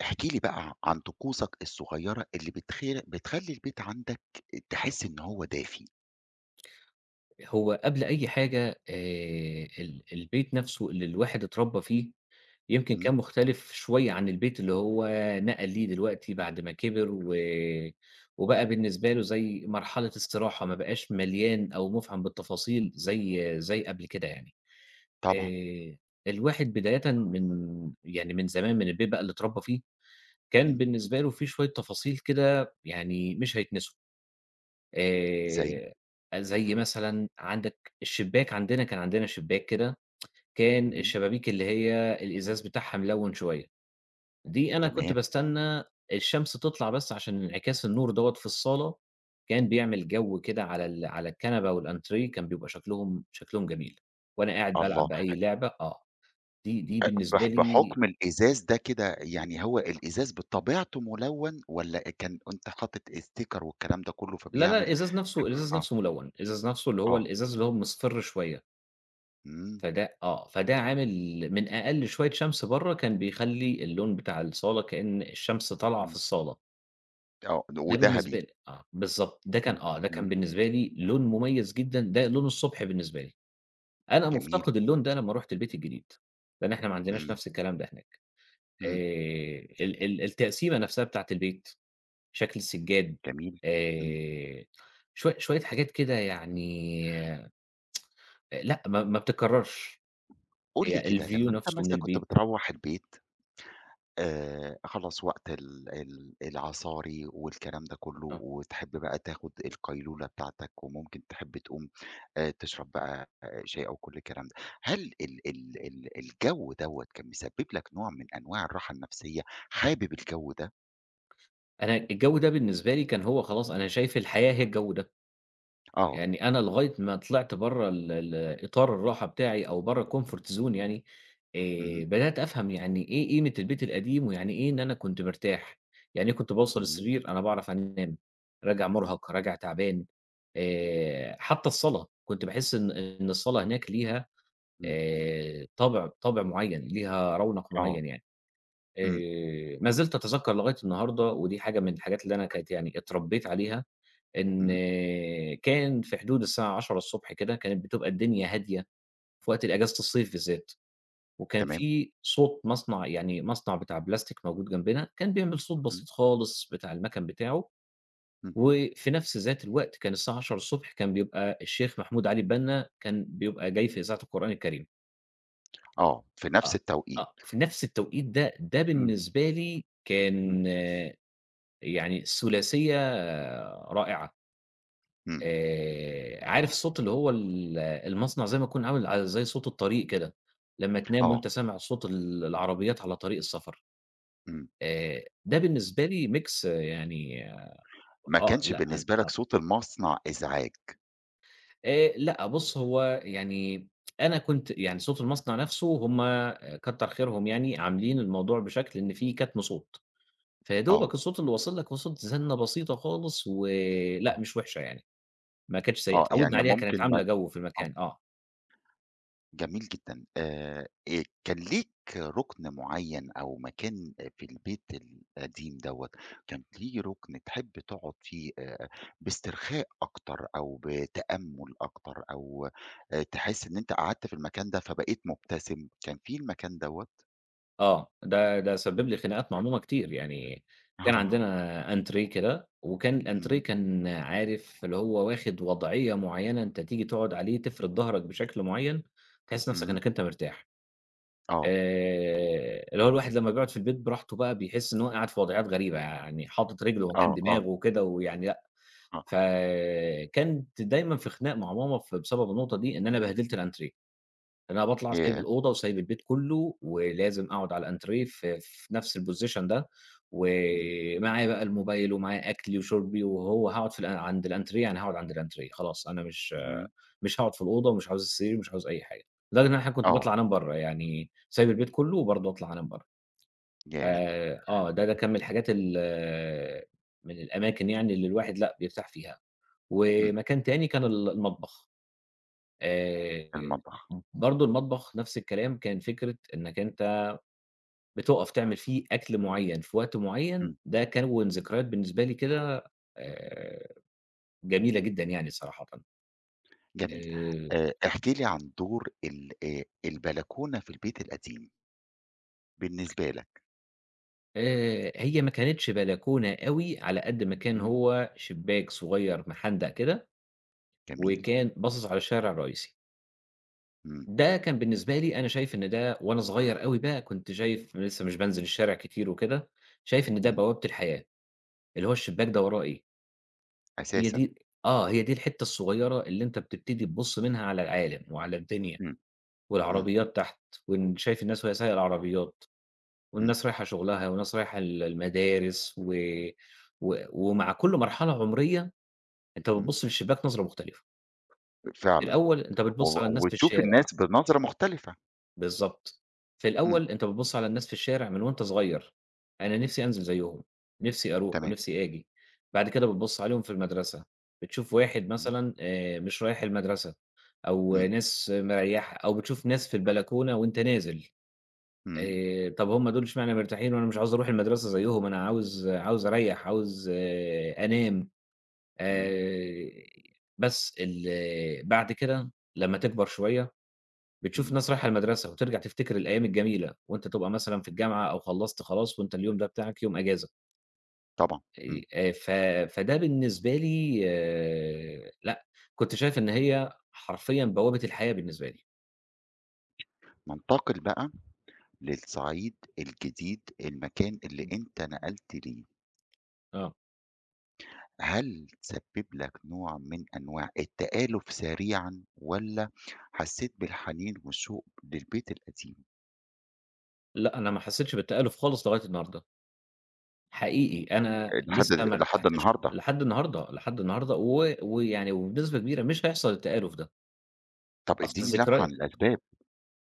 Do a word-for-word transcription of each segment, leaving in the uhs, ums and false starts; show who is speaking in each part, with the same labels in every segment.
Speaker 1: احكِ لي بقى ع عن طقوسك الصغيّرة اللي بتخير بتخلّي البيت عندك تحس إن هو دافي.
Speaker 2: هو قبل أي حاجة آآ، ال البيت نَفْسه اللي الواحد اتربّى فيه، يمكن كان
Speaker 1: امم.
Speaker 2: مختلِف شوية عن البيت اللي هو نقَل ليه دلوقتي بعد ما كبِر و وبقى بالنسبة له زي مرحلة استراحة، ما بقاش مليان أو مُفعم بالتفاصيل زي زي قبل كده يعني،
Speaker 1: طبعًا.
Speaker 2: آآ، الواحد بدايةً من يعني من زمان، من البيت بقى اللي اتربّي فيه، كان
Speaker 1: امم.
Speaker 2: بالنسبة له في شوية تفاصيل كده يعني مش هيتنسوا.
Speaker 1: زي؟
Speaker 2: آآ، زي مثلًا عندك الشباك عندنا، كان عندنا شباك كده، كان
Speaker 1: امم.
Speaker 2: الشبابيك اللي هي الإزاز بتاعها ملوِّن شوية، دي أنا كنت
Speaker 1: تمام.
Speaker 2: باستنّى الشمس تطلَع بس عشان انعكاس النور دوّة في الصالة، كان بيعمل جَو كده على ال على الكنبة والأنتريه كان بيبقى شكلُهم شكلُهم جميل، وأنا قاعد بالعب
Speaker 1: الله! ح
Speaker 2: بأي لعبة آه، دي دي
Speaker 1: أ
Speaker 2: بالنسبة
Speaker 1: بح
Speaker 2: لي
Speaker 1: بحُكم الإزاز ده كده، يعني هو الإزاز بطبيعته ملوَّن والّا كان أنت حاطط sticker والكلام ده كلّه
Speaker 2: لا، لا،
Speaker 1: فبيعمل
Speaker 2: الإزاز نَفْسه الإزاز
Speaker 1: آه.
Speaker 2: نَفْسه ملوِّن، الإزاز نَفْسه اللي هو
Speaker 1: آه.
Speaker 2: الإزاز اللي هو مصْفِر شوية.
Speaker 1: إمم.
Speaker 2: فده آه فده عامل من أقل شوية شمس برّه كان بيخلّي اللون بتاع الصَّالة كإن الشمس طالعة في
Speaker 1: إمم.
Speaker 2: الصَّالة.
Speaker 1: آه،
Speaker 2: ده بالنسبة
Speaker 1: ودَهَبِي.
Speaker 2: لي. آه بالضبط ده كان
Speaker 1: امم،
Speaker 2: آه ده كان
Speaker 1: امم.
Speaker 2: بالنسبة لي لون م‍ُميَّز جدًا ده لون الصبح بالنسبة لي. أنا
Speaker 1: جميل.
Speaker 2: مُفتقد اللون ده لما رُحت البيت الجديد. لأن إحنا ما عندناش
Speaker 1: إمم.
Speaker 2: نفس الكلام ده هناك. آآ
Speaker 1: إمم.
Speaker 2: ال ال التقسيمة نفسها بتاعة البيت، شكل السِّجاد.
Speaker 1: جميل. إمم.
Speaker 2: آآ شوي شوية حاجات كده يعني لأ ما ما بتكَّررش.
Speaker 1: قُل لي
Speaker 2: هي
Speaker 1: كده،
Speaker 2: الview
Speaker 1: لمّا أنت
Speaker 2: نفسه من
Speaker 1: مثلًا كُنت
Speaker 2: البيت.
Speaker 1: بِتروَّح البيت آآ خَلاص وقت ال ال العَصاري والكلام ده كلّه
Speaker 2: آه.
Speaker 1: وتحِب بقى تاخُد القَيلولَة بتاعتَك، وممكن تحِب تقوم آآ تِشرَب بقى شاي أو كل الكلام ده. هَل ال ال ال الجَو دوّة كان مِسبِب لك نوع من أنواع الرَّاحة النَفسِّية؟ حابِب الجَو ده؟
Speaker 2: أنا الجَو ده بالنسبة لي كان هو خلاص أنا شايف الحياة هي الجَو ده.
Speaker 1: آه.
Speaker 2: يعني أنا لغاية ما طلعت برّه ال ال إطار الراحة بتاعي أو برّه الcomfort zone يعني، آآ
Speaker 1: امم.
Speaker 2: بدَأت أفهم يعني إيه قيمة البيت القديم، ويعني إيه إن أنا كنت مرتاح. يعني إيه كنت باوصل
Speaker 1: إمم.
Speaker 2: السِرير أنا باعرف أنام، راجع مُرهَق راجع تَعبان، آآ، حتّى الصَّلاة كنت باحس إن إن الصَّلاة هناك ليها
Speaker 1: إمم.
Speaker 2: آآ طابِع طابِع معيَّن، ليها رَونَق
Speaker 1: آه.
Speaker 2: معيَّن يعني.
Speaker 1: إمم.
Speaker 2: آآ ما زِلت أتذكَّر لغاية النهارده ودي حاجة من الحاجات اللي أنا كانِت يعني اتربِّيت عليها، إن
Speaker 1: إمم.
Speaker 2: كان في حدود الساعة عشرة الصبح كده كانت بتبقى الدنيا هادية، فوقت الأجازة الصيف بالذَّات، وكان
Speaker 1: تمام.
Speaker 2: في صوت مَصنَع يعني مَصنَع بِتاع بلاستيك موجود جنبنا كان بيعمل صوت
Speaker 1: إمم.
Speaker 2: بسيط خالص بتاع المَكَن بتاعه،
Speaker 1: إمم.
Speaker 2: وفي نفس ذات الوقت كان الساعة عشرة الصبح كان بيبقى الشيخ محمود علي البنَّا كان بيبقى جاي في إذاعة القرآن الكَريم.
Speaker 1: آه، في نَفْس
Speaker 2: آه.
Speaker 1: التوقيت.
Speaker 2: آه، في نَفْس التوقيت ده، ده
Speaker 1: إمم.
Speaker 2: بالنسبة لي
Speaker 1: إمم.
Speaker 2: كان يعني ثلاثية رائعة
Speaker 1: إمم.
Speaker 2: آآ، عارف صوت اللي هو ال المصنع زَيّ ما تكون عامل ع زَيّ صوت الطريق كده، لمّا تنام
Speaker 1: آه.
Speaker 2: وأنت سامع صوت ال العربيات على طريق السفر
Speaker 1: إمم.
Speaker 2: آآ ده بالنسبة لي mix يعني
Speaker 1: ما
Speaker 2: آه،
Speaker 1: كانش
Speaker 2: لأ، ال
Speaker 1: بالنسبة لك
Speaker 2: آه.
Speaker 1: صوت المصنع إزعاج؟
Speaker 2: آآ لأ، بُصّ هو يعني، أنا كنت يعني صوت المصنع نَفْسه هُم كتّر خيرهم يعني عاملين الموضوع بشكل إن في كتم صوت، فيا دوبك
Speaker 1: آه.
Speaker 2: الصوت اللي واصل لك هو صوت زنّة بسيطة خالص ولأ،
Speaker 1: آه.
Speaker 2: مش وحشة يعني، ما كانتش سيئة
Speaker 1: آه،
Speaker 2: اتعوّدنا
Speaker 1: يعني
Speaker 2: عليها كانت
Speaker 1: ممكن ما
Speaker 2: عاملة
Speaker 1: ت
Speaker 2: جوّ في
Speaker 1: آه.
Speaker 2: المكان آه.
Speaker 1: جميل جدًا آآ آآ كان ليك رُكن معيّن أو مكان آآ، في البيت القديم دَوّة، كانة ليه رُكن تحب تقعد فيه آآ، بإسترخاء أكتر أو بتأمُّل أكتر، أو آآ تحسّ إن أنت قعدت في المكان ده فبقيت مُبتسم كان في المكان دَوّة؟
Speaker 2: آه، ده ده سبّب
Speaker 1: إمم.
Speaker 2: لي خناقات مع ماما كتير، يعني كان
Speaker 1: آه.
Speaker 2: عندنا أنتريه كده وكان الأنتريه
Speaker 1: إمم.
Speaker 2: كان عارف اللي هو واخِد وضعيّة معيّنة أنت تيجي تقعُد عليه تفرِد ضهرك بشكل معيّن، تحِس نَفْسك
Speaker 1: إمم.
Speaker 2: إنّك أنت مرتاح،
Speaker 1: آه.
Speaker 2: آآ، اللي هو الواحد لمّا بيقعُد في البيت براحته بقى بيحِس إن هو قاعد في وضعيّات غريبة، يعني حاطط رجله مكان
Speaker 1: آه، آه.
Speaker 2: دماغه وكده ويعني لأ،
Speaker 1: آه.
Speaker 2: فكنت دايمًا في خناق مع ماما ف بسبب النقطة دي، إن أنا بهدلت الأنتريه، إن أنا باطلَع سايب
Speaker 1: ياه!
Speaker 2: الأوضة وسايب البيت كلّه ولازم أقعُد على الأنتريه ف في نَفْس الposition ده
Speaker 1: إمم.
Speaker 2: ومعايا بقى الموبايل ومعايا أكْلي وشُربي وهو هاقعُد في الأ عند الأنتريه يعني هاقعُد عند الأنتريه، خلاص أنا مش
Speaker 1: إمم.
Speaker 2: مش هاقعُد في الأوضة ومش عاوز السرير، مش عاوز أي حاجة، لدرجة إن أنا أحيانًا كنت
Speaker 1: آه.
Speaker 2: باطلَع أنام برّه، يعني سايب البيت كلّه وبرضه أطلَع أنام برّه.
Speaker 1: ياه!
Speaker 2: آآ، آه، ده ده كان من الحاجات ال من الأماكن يعني اللي الواحد لأ، بيرتاح فيها،
Speaker 1: إمم.
Speaker 2: ومكان تاني كان ال المطبخ، آآ
Speaker 1: المطبخ.
Speaker 2: م برضه المطبخ نَفْس الكلام، كان فكرة إنك أنت بتُقف تعمل فيه أكْل معيّن في وقت معيّن
Speaker 1: إمم.
Speaker 2: ده كوّن ذكريات بالنسبة لي كده آآ، جميلة جدًا يعني صراحةً.
Speaker 1: جميل.
Speaker 2: آآ
Speaker 1: آآ احكِ لي عن دور ال آآ البلكونة في البيت القديم. بالنسبة لك.
Speaker 2: آآ هي ما كانتش بلكونة أوي على قد ما كان
Speaker 1: امم.
Speaker 2: هو شِباك صغير محندق كده،
Speaker 1: جميل.
Speaker 2: وكان باصص على الشارع الرئيسي.
Speaker 1: امم.
Speaker 2: ده كان بالنسبة لي أنا شايف إن ده وأنا صغير أوي بقى كُنت شايف، أنا لسه مش بانزل الشارع كتير وكده، شايف إن ده
Speaker 1: امم.
Speaker 2: بوابة الحياة، اللي هو الشِباك ده وراه إيه! هي
Speaker 1: أساسًا.
Speaker 2: دي آه هي دي الحتة الصغيرة اللي أنت بتبتدي تبُصّ منها على العالم وعلى الدنيا
Speaker 1: امم، امم.
Speaker 2: والعربيات تحت وأنت شايف الناس وهي سايقة العربيات
Speaker 1: امم.
Speaker 2: والناس رايحة شُغلها وناس رايحة ال المدارس و و ومع كل مرحلة عمرية، أنت
Speaker 1: امم.
Speaker 2: بتبُصّ من الشباك نظرة مختلفة.
Speaker 1: أ فعلًا،
Speaker 2: الأول أنت
Speaker 1: و
Speaker 2: بتبُصّ على الناس في
Speaker 1: وتشوف
Speaker 2: الشارع
Speaker 1: الناس بنظرة مختلفة.
Speaker 2: بالضبط، في
Speaker 1: امم.
Speaker 2: الأول أنت بتبُصّ على الناس في الشارع من وأنت صغير، أنا نِفْسي أنزل زيهم، نِفْسي أروح
Speaker 1: تمام.
Speaker 2: ونِفْسي آجي، بعد كده بتبُصّ عليهم في المدرسة، بتشوف واحد
Speaker 1: امم.
Speaker 2: مثلًا آآ مش رايح المدرسة، أو
Speaker 1: امم.
Speaker 2: ناس مريّحة أو بتشوف ناس في البلكونة وأنت نازل،
Speaker 1: امم.
Speaker 2: آآ، طَب هُم دول إشمعنا مرتاحين! وأنا مش عاوز أروح المدرسة زيهم أنا عاوز عاوز أريّح عاوز أنام،
Speaker 1: امم.
Speaker 2: آآ، بس ال بعد كده لمّا تكبر شوية، بتشوف
Speaker 1: امم.
Speaker 2: ناس رايحة المدرسة وترجع تفتكر الأيام الجميلة، وأنت تبقى مثلًا في الجامعة أو خلّصت خلاص وأنت اليوم ده بتاعك يوم أجازة.
Speaker 1: طبعًا، إمم.
Speaker 2: أي آآ، ف فده بالنسبة لي لأ، كنت شايف إن هي حرفيًا بوابة الحياة بالنسبة لي.
Speaker 1: ننتقل بقى للصعيد الجديد، المكان اللي
Speaker 2: إمم.
Speaker 1: أنت نقلت ليه.
Speaker 2: آه.
Speaker 1: هل سبّب لك نوع من أنواع التآلف سريعًا، والّا حسيت بالحنين وشوق للبيت القديم؟
Speaker 2: لأ، أنا ما حسّيتش بالتآلف خالص لغاية النهارده. حقيقي أنا
Speaker 1: لحد
Speaker 2: لسّه
Speaker 1: ال
Speaker 2: ما
Speaker 1: لحد
Speaker 2: ارتحتش
Speaker 1: النهارده.
Speaker 2: لحد النهارده، لحد النهارده و ويعني وبنسبة كبيرة مش هيحصل التآلف ده.
Speaker 1: طَب
Speaker 2: أصل
Speaker 1: ادّيني لمحة
Speaker 2: الذكريا...
Speaker 1: عن الأسباب.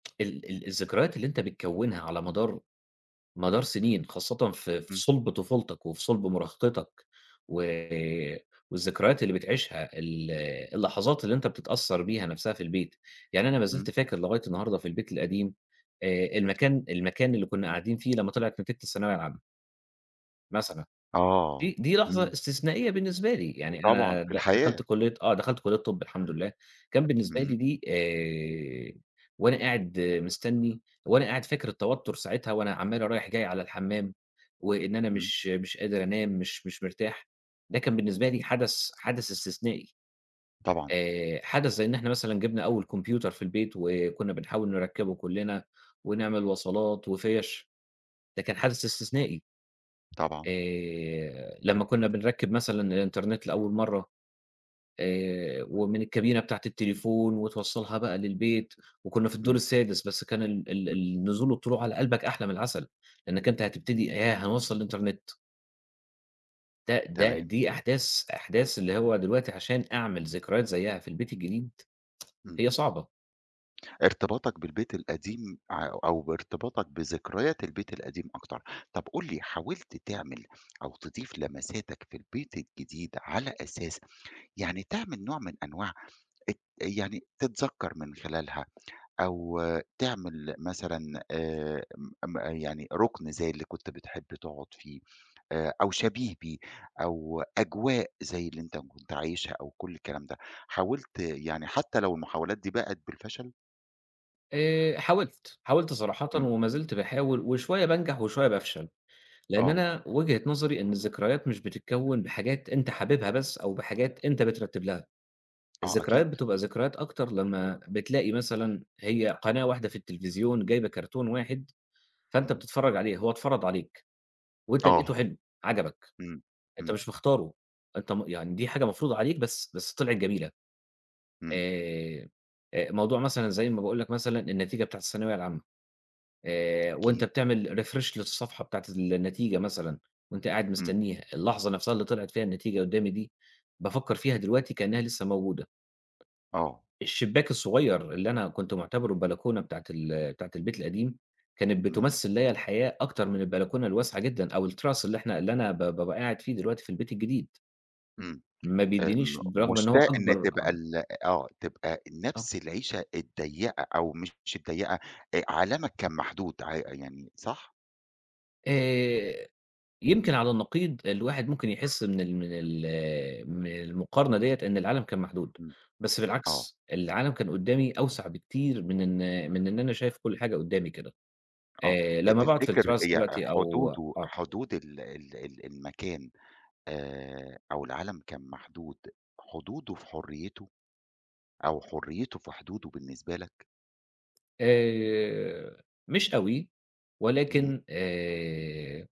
Speaker 2: ال ال الذكريات اللي أنت بتكوّنها على مدار مدار سِنين خاصةً في في
Speaker 1: إمم.
Speaker 2: صُلب طفولتك وفي صُلب مراهقتك، و والذكريات اللي بتعيِشها ال اللحظات اللي أنت بتتأثّر بيها نَفْسها في البيت، يعني أنا ما زِلت
Speaker 1: إمم.
Speaker 2: فاكر لغاية النهارده في البيت القديم، آآ المكان المكان اللي كنا قاعدين فيه لمّا طِلعِت نتيجة الثانوية العامة. مثلًا.
Speaker 1: آه.
Speaker 2: دي دي لحظة
Speaker 1: إمم.
Speaker 2: استثنائية بالنسبة لي، يعني
Speaker 1: طبعًا
Speaker 2: أنا
Speaker 1: في
Speaker 2: د
Speaker 1: الحياة.
Speaker 2: دخَلت كُلية آه دخَلت كُلية طَب الحمد
Speaker 1: إمم،
Speaker 2: لله، كان بالنسبة لي
Speaker 1: إمم.
Speaker 2: دي آآ وأنا قاعد مستني، وأنا قاعد فاكر التوتر ساعتها وأنا عمّال رايح جاي على الحمّام، وإن أنا
Speaker 1: إمم.
Speaker 2: مش مش قادر أنام مش مش مرتاح، ده كان بالنسبة لي حدث حدث استثنائي،
Speaker 1: طبعًا.
Speaker 2: آآ حدث زَي إن إحنا مثلًا جِبنا أول كمبيوتر في البيت وكنا بنحاول نركّبه كُلّنا، ونعمل وصلات وفيَش، ده كان حدث استثنائي.
Speaker 1: طبعًا.
Speaker 2: آآ، لمّا كنا بنركّب مثلًا الانترنت لأول مرّة، آآ ومن الكابينة بتاعة التليفون وتوصّلها بقى للبيت، وكنا في الدور
Speaker 1: إمم.
Speaker 2: السادس بس كان ال ال
Speaker 1: إمم.
Speaker 2: النزول والطلوع على قلبك أحلى من العسل، لإنك
Speaker 1: إمم.
Speaker 2: أنت هتبتدي ياه هنوصّل الانترنت ده، ده
Speaker 1: تمام.
Speaker 2: دي أحداث، أحداث اللي هو دلوقتي عشان أعمل ذكريات زيّها في البيت الجديد.
Speaker 1: إمم.
Speaker 2: هي صعبة.
Speaker 1: إرتباطك بالبيت القديم ع أو أو بإرتباطك بذكريات البيت القديم أكتر، طَب قُل لي حاولت تعمل أو تضيف لمساتك في البيت الجديد على أساس يعني تعمل نوع من أنواع الت آآ، يعني تتذكّر من خلالها أو تعمل مثلًا آآ، ام ما يعني رُكن زيّ اللي كنت بتحب تقعد فيه، آآ، أو شبيه بيه، أو أجواء زيّ اللي أنت م كنت عايشها أو كُلّ الكلام ده حاولت يعني حتى لو المحاولات دي باءت بالفشل؟
Speaker 2: آآ، حاولت، حاولت صراحةً
Speaker 1: إمم.
Speaker 2: وما زلت باحاول، وشوية بانجح وشوية بافشل، لإن
Speaker 1: آه.
Speaker 2: أنا وجهة نظري إن الذكريات مش بتتكوّن بحاجات أنت حاببها بس، أو بحاجات أنت بترتّب لها،
Speaker 1: آه،
Speaker 2: الذكريات
Speaker 1: أكيد.
Speaker 2: بتبقى ذكريات أكتر لمّا بتلاقي مثلًا هي قناة واحدة في التلفزيون، جايبة cartoon واحد فأنت
Speaker 1: إمم.
Speaker 2: بتتفرّج عليه، هو اتفرض عليك، وأنت لقيتُه
Speaker 1: آه.
Speaker 2: حلو عَجَبك،
Speaker 1: إمم،
Speaker 2: أنت
Speaker 1: إمم.
Speaker 2: مش مختارُه أنت م يعني دي حاجة مفروضة عليك بس، بس طلعت جميلة
Speaker 1: إمم.
Speaker 2: آآ، آآ، موضوع مثلًا زيّ ما باقول لك مثلًا النتيجة بتاعة الثانوية العامة آآ، وأنت
Speaker 1: أكيد.
Speaker 2: بتعمل refresh للصفحة بتاعة النتيجة مثلًا، وأنت قاعد
Speaker 1: إمم.
Speaker 2: مستنّيها، اللحظة نَفْسها اللي طلعت فيها النتيجة قدّامي دي، بافكّر فيها دلوقتي كإنها لسه موجودة
Speaker 1: آه.
Speaker 2: ...الشبّاك الصغيّر اللي أنا كنت مُعتبره البلكونة بتاعة ال بتاعة البيت القديم، كانت
Speaker 1: إمم.
Speaker 2: بتمثّل ليّا الحياة أكتر من البلكونة الواسعة جدًا، أو التراس اللي إحنا اللي أنا ب بابقى قاعد فيه دلوقتي في البيت الجديد
Speaker 1: إمم.
Speaker 2: ما
Speaker 1: آآ، م
Speaker 2: بيدّينيش بالرغم إن هو [unintelligible]
Speaker 1: مشتاق إن
Speaker 2: أكبر.
Speaker 1: تبقى ال آه، تبقى
Speaker 2: آه.
Speaker 1: نَفْس العيشة الضيّقة أو مش الضيّقة آآ، عالمك كان محدود ع آآ، يعني صح؟
Speaker 2: آآ، يمكن على النقيض، الواحد ممكن يحس من ال من ال من المقارنة ديَّة إن العالم كان محدود،
Speaker 1: امم،
Speaker 2: بس
Speaker 1: آه.
Speaker 2: بالعكس، العالم كان قُدّامي أوسع بكتير من إن من إن أنا شايف كُلّ حاجة قدّامي كده،
Speaker 1: آه،
Speaker 2: آآ،
Speaker 1: أ
Speaker 2: لمّا باقعد في
Speaker 1: تفتكر
Speaker 2: الterrace
Speaker 1: يع
Speaker 2: دلوقتي أو
Speaker 1: حدوده
Speaker 2: آه.
Speaker 1: حدود ال ال ال المكان، آآ، أو العالم كان محدود، حدوده في حُريّته، أو حُريّته في حدوده بالنسبة لك؟
Speaker 2: آآ، مش أوي،
Speaker 1: امم.
Speaker 2: ولكن آآ،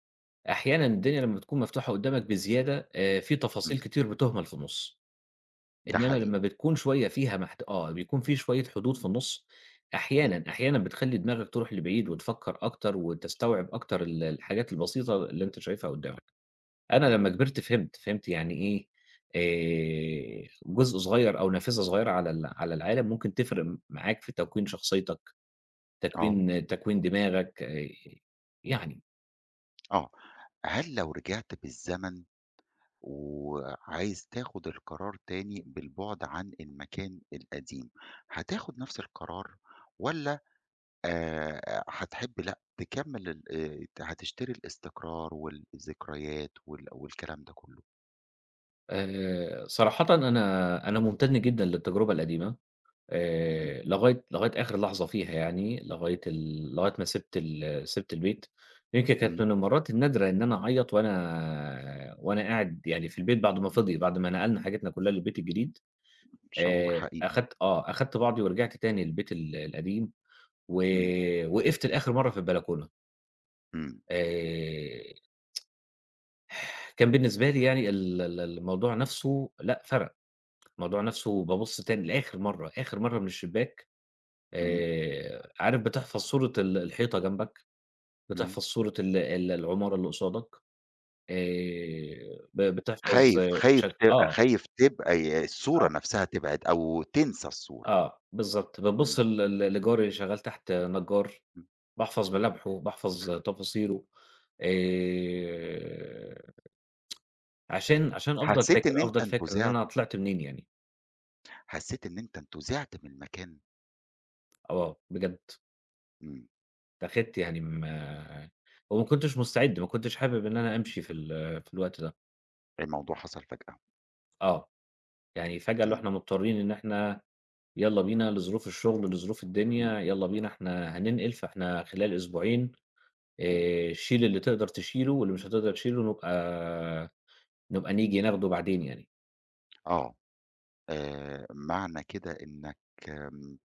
Speaker 2: أحيانًا الدنيا لمّا بتكون مفتوحة قدّامك بزيادة آآ، في تفاصيل
Speaker 1: امم.
Speaker 2: كتير بتُهْمل في النُص،
Speaker 1: ده
Speaker 2: إنّما لمّا
Speaker 1: حقيقي.
Speaker 2: بتكون شوية فيها محت آه بيكون في شوية حدود في النُص،
Speaker 1: امم.
Speaker 2: أحيانًا، أحيانًا بتخلّي دماغك ترُوح لبعيد وتفكّر أكتر، وتستوعب أكتر ال الحاجات البسيطة اللي أنت شايفها قُدّامك، أنا
Speaker 1: امم.
Speaker 2: لمّا كبِرت فهمت، فهمت يعني إيه، آآ، جزء صغير أو نافذة صغيرة على ال على العالم ممكن تفرق معاك في تكوين شخصيتك،
Speaker 1: آه.
Speaker 2: تكوين تكوين دماغك آآ، يعني.
Speaker 1: آه هل لو رجِعت بالزمن وعايز تاخد القرار تاني بالبُعد عن المكان القديم، هتاخد نفس القرار؟ والَّا آآ، هتحب لأ تكمّل ال آآ، ت هتشتري الإستقرار والذكريات وال والكلام ده كلّه؟
Speaker 2: آآ، صراحةً أنا أنا ممتنّ جدًا للتجربة القديمة
Speaker 1: إمم.
Speaker 2: آآ، لغاية، لغاية آخر لحظة فيها يعني لغاية ال لغاية ما سِبت ال سِبت البيت يمكن كانت
Speaker 1: إمم.
Speaker 2: من المرات النادرة إن أنا أعيّط وأنا آآ، وأنا قاعد يعني في البيت بعد ما فِضِي، بعد ما نَقَلنا حاجتنا كلّها للبيت الجديد
Speaker 1: شعور
Speaker 2: آآ،
Speaker 1: حقيقي.
Speaker 2: أخدت آه أخدت بعضي ورجعت تاني البيت ال القديم.
Speaker 1: إمم.
Speaker 2: وآآ، وقفت لآخر مَرّة في البلكونة.
Speaker 1: إمم.
Speaker 2: آآ كان بالنسبة لي يعني ال ال الموضوع نفسُه لأ فَرَق، الموضوع نفسُه بابُصّ تاني لآخر مرّه آخر مرّه من الشبّاك
Speaker 1: إمم.
Speaker 2: آآ، عارف بتحفظ صورة ال الحيطة جنبك،
Speaker 1: إمم.
Speaker 2: بتحفظ صورة ال ال العمارة اللي قصادك آآ، ب بتحفظ
Speaker 1: خايف، خايف
Speaker 2: شك
Speaker 1: ت
Speaker 2: آه.
Speaker 1: خايف تبقى ي الصورة
Speaker 2: آه.
Speaker 1: نفسها تبعد أو تنسى الصورة.
Speaker 2: آه، بالضبط
Speaker 1: إمم.
Speaker 2: بتبُصّ ل ل لجاري اللي شغال تحت نجّار،
Speaker 1: إمم.
Speaker 2: باحفظ ملامحُه، باحفظ تفاصيلُه آآ عشان، عشان أفضل
Speaker 1: حسّيت
Speaker 2: فاكر
Speaker 1: إن أنت
Speaker 2: أفضل فاكر إن
Speaker 1: انتُزِعت؟
Speaker 2: أنا طلعت منين يعني.
Speaker 1: حسّيت إن أنت أنتُزعِت من المكان؟
Speaker 2: آه بجد.
Speaker 1: إمم.
Speaker 2: اتّاخدت يعني أما وما كنتش مستعد ما كنتش حابب إن أنا أمشي في ال في الوقت ده.
Speaker 1: الموضوع حصل فجأة.
Speaker 2: آه يعني فجأة اللي هو
Speaker 1: إمم.
Speaker 2: إحنا مضطرين إن إحنا يالّا بينا لظروف الشغل، لظروف
Speaker 1: إمم.
Speaker 2: الدنيا، يالّا بينا إحنا هننقل فإحنا خلال أسبوعين.
Speaker 1: إمم.
Speaker 2: آآ، شيل اللي تقدر تشيله واللي مش هتقدر تشيله، نبقى نبقى نيجي ناخده بعدين يعني.
Speaker 1: آه آآ معنى كده إنك إمم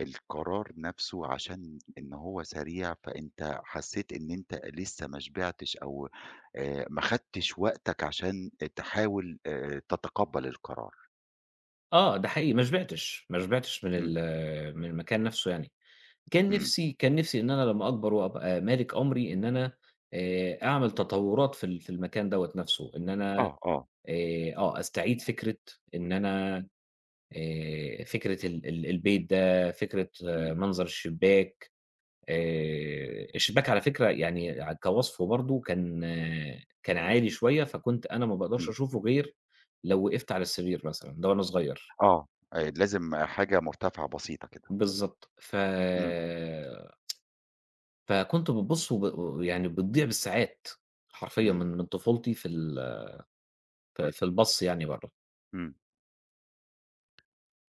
Speaker 1: القرار نفسّه عشان إن هو سريع فأنت حسّيت إن أنت لسّه ما شبعتش أو آآ ما خدتِش وقتك عشان تحاول آآ ت تتقبل القرار.
Speaker 2: آه ده حقيقي ما شبعتش، ما شبعتش من
Speaker 1: إمم.
Speaker 2: ال من المكان نفسّه يعني. كان
Speaker 1: إمم.
Speaker 2: نفسي كان نفسي إن أنا لمّا أكبر وأبقى مالك أمري إن أنا آآ أعمل تطورات في ال في المكان دوّة نفسّه إن أنا
Speaker 1: آه آه.
Speaker 2: آآ آه استعيد فكرة إن أنا آآ فكرة ال ال البيت ده فكرة
Speaker 1: إمم.
Speaker 2: منظر الشباك آآ الشباك على فكرة يعني كوصفه برضه كان كان عالي شوية فكنت أنا ما باقدرش
Speaker 1: إمم.
Speaker 2: أشوفه غير لو وقفّت على السرير مثلًا ده وأنا صغير.
Speaker 1: آه لازم حاجة مرتفعة بسيطة كده.
Speaker 2: بالضبط ف
Speaker 1: إمم.
Speaker 2: فكنت بتبُصّ وب و يعني بتضيع بالساعات حرفيًا من
Speaker 1: إمم.
Speaker 2: من طفولتي في ال ف في البَص يعني برّه.
Speaker 1: إمم.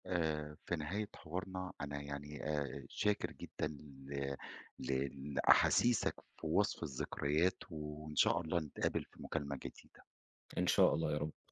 Speaker 1: آآ في نهاية حوارنا أنا يعني آآ شاكر جدًا ل ل لاحاسيسك في وصف الذكريات وإن شاء الله نتقابل في مكالمة جديدة.
Speaker 2: إن شاء الله يا رب.